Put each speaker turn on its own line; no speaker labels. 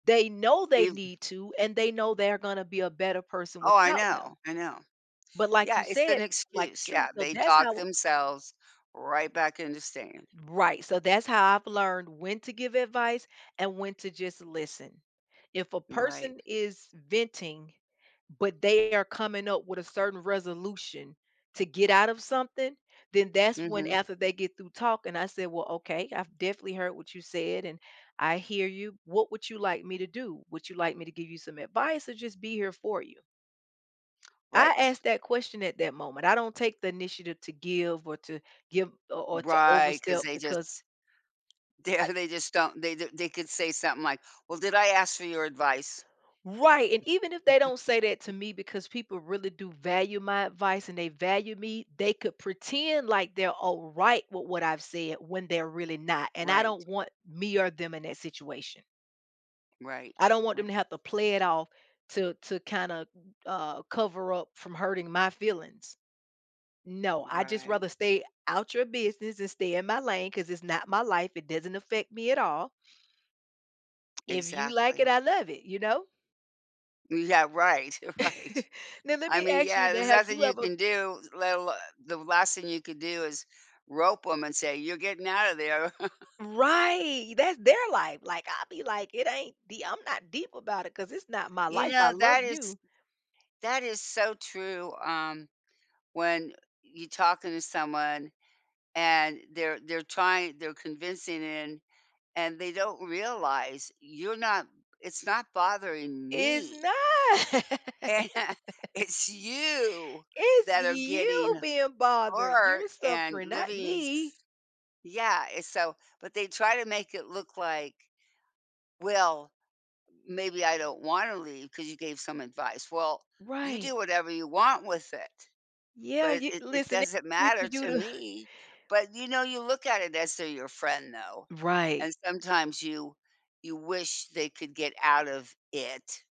They know they
Ev
need to, and they know they're gonna be a better person
Oh, I
without
know,
them.
I know.
But like
Yeah,
you
it's an
said, like, the
excuse,
truth
yeah.
so,
They
that's
talk
how
themselves right back into staying.
Right. So, that's how I've learned when to give advice and when to just listen. If a
Right.
person is venting, but they are coming up with a certain resolution to get out of something, then that's when
Mhm.
after they get through talking, I said, "Well, okay. I've definitely heard what you said, and I hear you. What would you like me to do? Would you like me to give you some advice or just be here for you?" I
Right.
asked that question at that moment. I don't take the initiative to give or to give o or to
Right, 'cause
overstep
they
because
just they, uh
I
they just don't they do they could say something like, "Well, did I ask for your advice?"
Right, and even if they don't say that to me because people really do value my advice and they value me, they could pretend, like, they're alright with what I've said when they're really not, and I
Right.
don't want me or them in that situation.
Right,
I don't want
right.
them to have to play it off to to kinda, uh, cover up from hurting my feelings. "No. I just
Right.
rather stay out your business and stay in my lane 'cause it's not my life. It doesn't affect me at all" "if you like it,
Exactly.
I love it." You know?
Yeah, right, right.
Now, let
I
me
mean,
ask you
yeah,
that,
there's
have
nothing
you
you
ever
can do, let alo the last thing you could do is rope 'em and say, "You're getting out of there."
Right! That's their life. Like, I'll be like, "It ain't dee I'm not deep about it 'cause it's not my
You
life. I
know,
love
that is
you."
that is so true. Um, when you talking to someone, and they're they're trying they're convincing in, and they don't realize you're not "It's not bothering
It's
me"
not!
"and it's you
It's
that are getting
you being bothered. You're
hurt and
suffering, not
living s"
me.
Yeah, it's so but they try to make it look like, "Well, maybe, I don't wanna leave 'cause you gave some advice." "Well, you
Right.
do whatever you want with it, but
Yeah,
it
you
it it
listen, it
doesn't
ain't for
matter
you
to
to
me." But, you know, you look at it as to your friend though,
Right.
and sometimes you you wish they could get out of it.